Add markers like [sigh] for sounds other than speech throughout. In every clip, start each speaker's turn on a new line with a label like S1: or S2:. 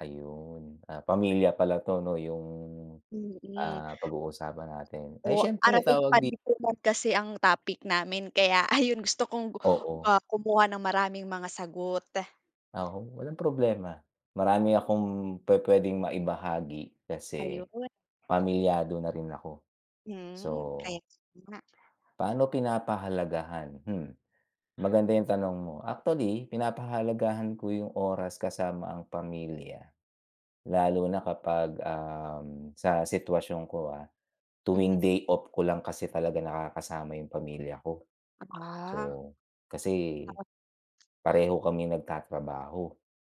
S1: Ayun, ah, pamilya pala to no yung,
S2: Mm.
S1: ah, pag-uusapan natin. Ay,
S2: Oh,
S1: siyempre
S2: Araling
S1: tawag di
S2: Panlipunan kasi ang topic namin kaya ayun, gusto kong,
S1: Oo.
S2: ah, kumuha ng maraming mga sagot.
S1: Oo, walang problema, marami akong pupuwedeng maibahagi
S2: Ayun.
S1: kasi, pamilyado na rin ako. So,
S2: Hmm, kaya nga.
S1: paano pinapahalagahan? Mm. Maganda yung tanong mo, actually, pinapahalagahan ko yung oras kasama ang pamilya. Lalo na kapag, um, sa sitwasyon ko, ah, tuwing
S2: Mhm.
S1: day off ko lang kasi talaga nakakasama yung pamilya ko.
S2: Ah.
S1: So, kasi,
S2: [unintelligible]
S1: pareho kaming nag-tatrabaho.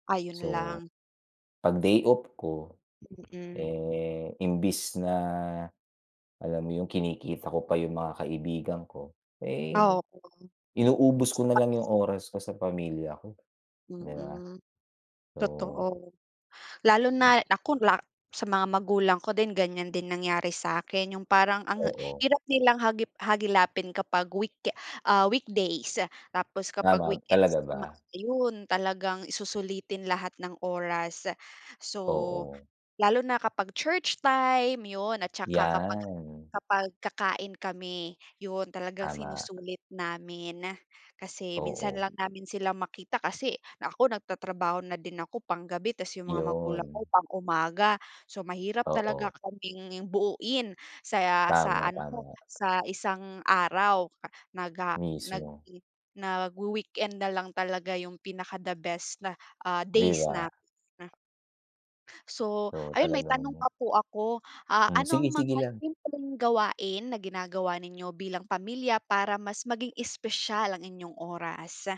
S2: Ayun
S1: So,
S2: lang.
S1: pag day off ko,
S2: Mm.
S1: eh, imbis na, alam mo yung kinikita ko pa yung mga kaibigan ko, eh,
S2: Oo.
S1: inuubos ko nalang yung
S2: [unintelligible]
S1: oras ko sa pamilya ko, di ba?
S2: Mm.
S1: So
S2: Totoo. Lalo na nako la sa mga magulang ko din ganyan din nangyari sakin yung parang ang
S1: Oo.
S2: hirap nilang hagip hagilapin kapag week ah, weekdays. Tapos kapag
S1: Tama,
S2: weekends
S1: talaga
S2: naman
S1: ba?
S2: ayun talagang i susulitin lahat ng oras, so,
S1: Oo.
S2: lalo na kapag church time yun at saka kapag
S1: Yan.
S2: kapag kakain kami. Yun talagang
S1: Tama.
S2: sinusulit namin. Kasi, minsan
S1: Oo.
S2: lang namin sila makita kasi ako nagtatrabaho na din ako- pang-gabi- 'tas yung mga magulang ko
S1: 'Yon.
S2: pang-umaga, so mahirap
S1: Oo.
S2: talaga kaming buoin sa sa ano,
S1: Tama-tama.
S2: sa isang araw naga nag
S1: Mismo.
S2: nag-wi-weekend nalang talaga yung pinaka the best ah,
S1: Di
S2: days
S1: ba?
S2: namin. So,
S1: So
S2: ayun may
S1: talagang
S2: tanong pa po ako. Ah,
S1: Hmm,
S2: ano ang
S1: sige-sige
S2: mga
S1: lang.
S2: simpleng gawain na ginagawa ninyo bilang pamilya para mas maging espesyal ang inyong oras?